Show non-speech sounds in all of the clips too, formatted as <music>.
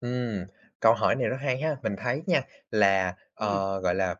Ừm, câu hỏi này rất hay ha, mình thấy nha, là, Ừm. ờ, gọi là,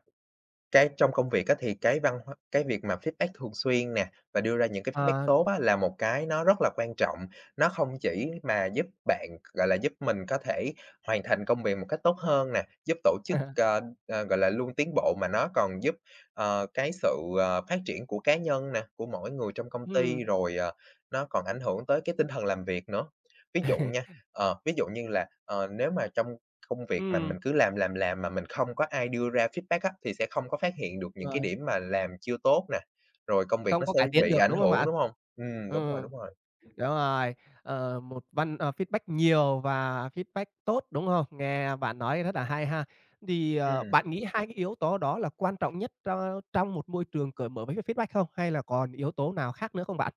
cái trong công việc á, thì cái văn hóa cái việc mà feedback thường xuyên nè, và đưa ra những cái feedback Ờ. tốt á, là một cái nó rất là quan trọng. Nó hông chỉ mà giúp bạn gọi là, giúp mình có thể hoàn thành công việc một cách tốt hơn nè, giúp tổ chức, <laughs> ờ, ờ, gọi là, luôn tiến bộ, mà nó còn giúp, ờ, cái sự, ờ, phát triển của cá nhân nè, của mỗi người trong công ty. Ừm. Rồi, ờ, nó còn ảnh hưởng tới cái tinh thần làm việc nữa. Ví dụ <laughs> nha, ờ, ví dụ như là, ờ, nếu mà trong công việc mà mình Ừm. cứ làm, làm, làm, mà mình không có ai đưa ra feedback á, thì sẽ không có phát hiện được những Rồi. cái điểm mà làm chưa tốt nè, rồi công việc Không nó có sẽ cải tiến bị được, ảnh đúng không hưởng, bạn? đúng hông? Ừm, đúng rồi, Ừm, đúng rồi. đúng rồi, ờ, một văn ờ, feedback nhiều và feedback tốt, đúng hông? Nghe bạn nói rất là hay ha. Thì, ờ, Ừm. bạn nghĩ hai cái yếu tố đó là quan trọng nhất tro trong một môi trường cởi mở với cái feedback không, hay là còn yếu tố nào khác nữa không bạn?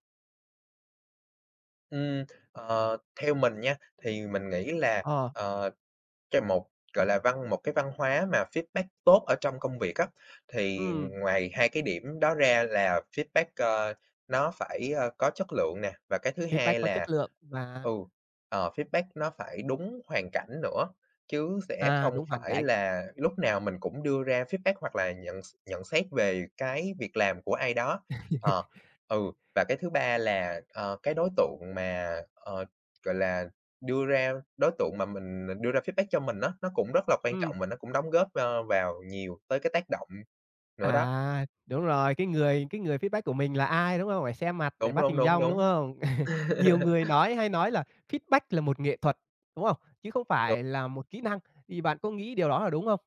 Ừm, ờ, theo mình nha, thì mình nghĩ là, Ờ. ờ, cho một gọi là, văn một cái văn hóa mà feedback tốt ở trong công việc á, thì Ừm. ngoài hai cái điểm đó ra, là feedback, ơ, nó phải, ơ, có chất lượng nè, và cái thứ Feedback hai có chất là, lượng và ừ, ờ, feedback nó phải đúng hoàn cảnh nữa, chứ sẽ À, không đúng hoàn phải cảnh. là lúc nào mình cũng đưa ra feedback, hoặc là nhận x nhận xét về cái việc làm của ai đó. <laughs> Ờ, ừ, và cái thứ ba là, ờ, cái đối tượng mà, ờ, gọi là, đưa ra đối tượng mà mình đưa ra feedback cho mình á, nó cũng rất là quan Ừm. trọng, và nó cũng đóng góp, ơ, vào nhiều tới cái tác động nữa đó. À, đúng rồi. Cái người cái người feedback của mình là ai, đúng hông? Phải xem mặt để Đúng, bắt đúng, hình đúng, dong, đúng đúng. hông? <chuckles> Nhiều <laughs> người nói hay nói là feedback là một nghệ thuật, đúng không? Chứ không Đúng. phải là một kỹ năng, thì bạn có nghĩ điều đó là đúng không?